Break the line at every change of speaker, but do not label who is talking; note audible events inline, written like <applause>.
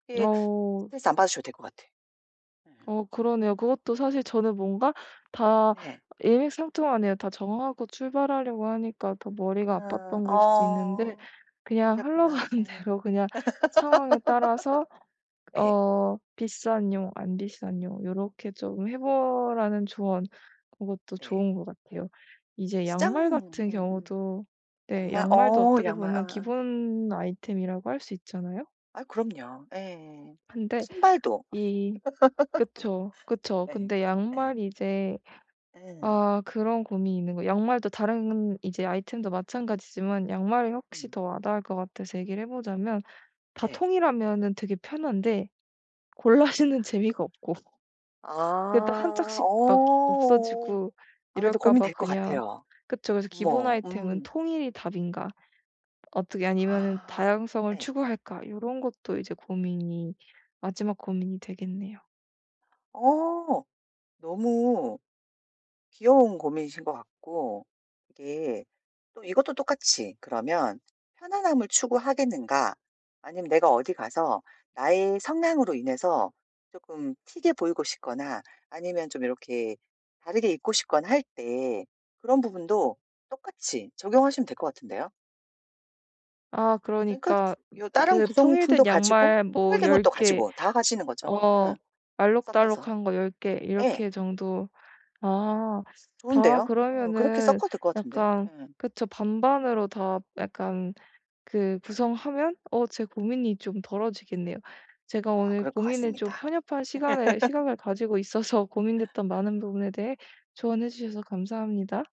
이게
어.
스트레스 안 받으셔도 될 것 같아.
어 그러네요. 그것도 사실 저는 뭔가 다
네.
일맥상통하네요. 다 정하고 출발하려고 하니까 더 머리가
응
아팠던 거일 수도 있는데
어.
그냥
그러셨구나.
흘러가는
네.
대로 그냥 상황에 따라서
<laughs> 예.
어 비싼용 안 비싼용 요렇게 좀 해 보라는 조언 고것도
네.
좋은 것 같아요. 이제
시장
양말 같은
음음.
경우도 네
양말
양말도
어
어떻게
양말
보면
아아.
기본 아이템이라고 할 수 있잖아요?
아유 그럼요. 예.
근데
신발도. <laughs>
이 그쵸. 그쵸.
예.
근데
예.
양말이 이제
예.
아 그런 고민이 있는 거예요. 양말도 다른 이제 아이템도 마찬가지지만 양말이 확실히
음.
더 와닿을 것 같아서 얘기를 해 보자면 다
네.
통일하면은 되게 편한데 골라 신는 재미가 없고.
아
근데 1
어
짝씩 막
어.
없어지고
아 근데
이럴까 봐
고민될 것
그냥
같아요.
그쵸. 그래서 '기본
어머.
아이템은
음.
통일이 답인가.' 어떻게 아니면은
아
'다양성을
예.
추구할까?' 요런 것도 이제 고민이 마지막 고민이 되겠네요.
어. 너무 귀여운 고민이신 것 같고 이게 또 이것도 똑같이 그러면 편안함을 추구하겠는가? 아니면 내가 어디 가서 나의 성향으로 인해서 쪼끔 튀게 보이고 싶거나 아니면 좀 요렇게 다르게 입고 싶거나 할 때 그런 부분도 똑같이 적용하시면 될 것 같은데요?
아
그러니까
그러니까
요 다른
그
구성품도
통일된
가지고
양말 뭐
통일된
10
것도
개
가지고 다 가지는 거죠.
어
응. 섞여서.
알록달록한 거 10 개
예.
이렇게 정도. 아. 아
좋은데요? 어 그렇게
그러면은
섞어도 될 것 같은데?
약간
응.
그쵸 반반으로 다 약간 그 구성하면 어 제 고민이 좀 덜어지겠네요. 제가
어
오늘
그럴 것
고민을 좀
같습니다.
편협한 시간에
<laughs>
시각을 가지고 있어서 고민됐던 많은 부분에 대해 조언해 주셔서 감사합니다.